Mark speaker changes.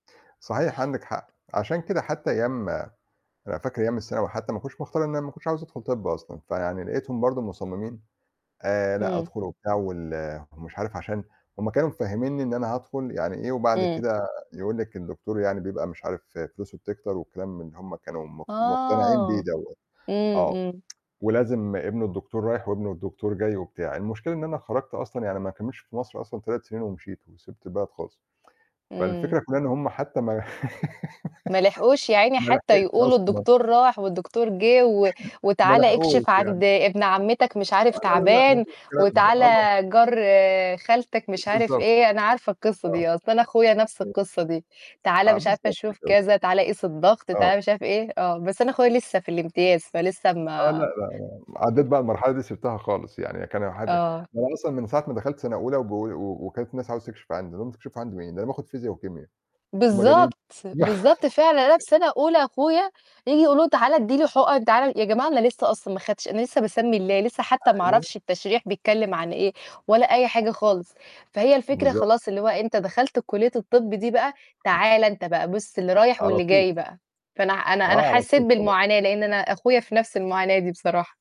Speaker 1: صحيح عَندِك حق، عشان كده حتى أيام أنا فاكر أيام الثانوي حتى، ما كنتش مختار إن أنا ما كنتش عاوز أدخل طِبّ أصلًا، فيعني لقيتهم برضه مصممين آآ، لأ
Speaker 2: همم.
Speaker 1: ادخل وبتاع وال ومش عارف عشان هُم كانوا مفهمينني إن أنا هادخل يعني إيه وبعد
Speaker 2: إمم.
Speaker 1: كده يقول لِك الدكتور يعني بيبقى مش عارف فلوسُه بتكتر وكلام من اللي هُم كانوا مق مقتنعين بيه
Speaker 2: آه.
Speaker 1: دوَّة،
Speaker 2: إمم،
Speaker 1: آه.
Speaker 2: إمم.
Speaker 1: ولازم ابن الدكتور رايح، وابن الدكتور جاي وبتاع، المشكلة إن أنا خرجت أصلًا يعني ما كمّلتش في مصر أصلًا 3 سنين ومشيت، وسِبت البلد خالص.
Speaker 2: إمم.
Speaker 1: فالفكرة كُلّها إن هُم حتى ما
Speaker 2: ما لحقوش يا عيني
Speaker 1: ما
Speaker 2: حتى
Speaker 1: لحقش
Speaker 2: يقولوا
Speaker 1: أصلًا.
Speaker 2: الدكتور راح والدكتور جِه و
Speaker 1: ما
Speaker 2: وتعالَ
Speaker 1: لحقوش
Speaker 2: اكشف عند
Speaker 1: يعني.
Speaker 2: ابن عمتك مش
Speaker 1: آه،
Speaker 2: عارف
Speaker 1: لا، لا، لأ
Speaker 2: تعبان،
Speaker 1: مفيش الكلام ده،
Speaker 2: وتعالَ
Speaker 1: آه.
Speaker 2: جار خالتك مش عارف
Speaker 1: بالضبط،
Speaker 2: إيه، أنا عارفة القصّة
Speaker 1: آه.
Speaker 2: دي أصل أنا أخويا نَفْس
Speaker 1: [unintelligible]
Speaker 2: القصّة دي، تعالَ
Speaker 1: آه،
Speaker 2: مش عارفة
Speaker 1: بالضبط
Speaker 2: شوف
Speaker 1: كده.
Speaker 2: كذا، تعالَ قيس الضغط،
Speaker 1: آه.
Speaker 2: تعالَ مش عارف إيه، آه بس أنا أخويا لسّه في الامتياز فلسّه
Speaker 1: آه، لأ، لا،
Speaker 2: ما
Speaker 1: لا، عدّيت بقى المرحلة دي سِبتها خالص يعني، كان اح أنا
Speaker 2: آه.
Speaker 1: أصلًا من ساعة ما دخلت سنة أولى وبقوا و وكانت الناس عاوزة تكشِف عندي، أقول لهم تكشف عَندي مين! ده أنا باخد فيزيا وكيميا، أنتم مجانين؟!
Speaker 2: بالضبط، بالضبط فعلًا أنا في سَنة أولى أخويا ييجي يقولوا له تعالَ ادّي لي حُقَن تعالَ يا جماعة أنا لسّه أصلًا ما خدتش، أنا لسّه باسمّي الله، لسّه حتى ما
Speaker 1: أيوه.
Speaker 2: أعرفش التشريح بيتكلّم عن إيه، ولا أي حاجة
Speaker 1: [unintelligible]
Speaker 2: خالص، فهي الفكرة
Speaker 1: بالضبط.
Speaker 2: خلاص اللي هو أنت دخلت كلية الطِبّ دي بقى، تعالَ أنت بقى بُصّ اللي رايح
Speaker 1: على
Speaker 2: واللي
Speaker 1: طُول.
Speaker 2: جاي بقى، فأنا
Speaker 1: آه،
Speaker 2: أنا أنا
Speaker 1: على
Speaker 2: حسّيت
Speaker 1: طُول طبعًا.
Speaker 2: بالمعاناة لأن أنا أخويا في نَفْس المعاناة دي بصراحة.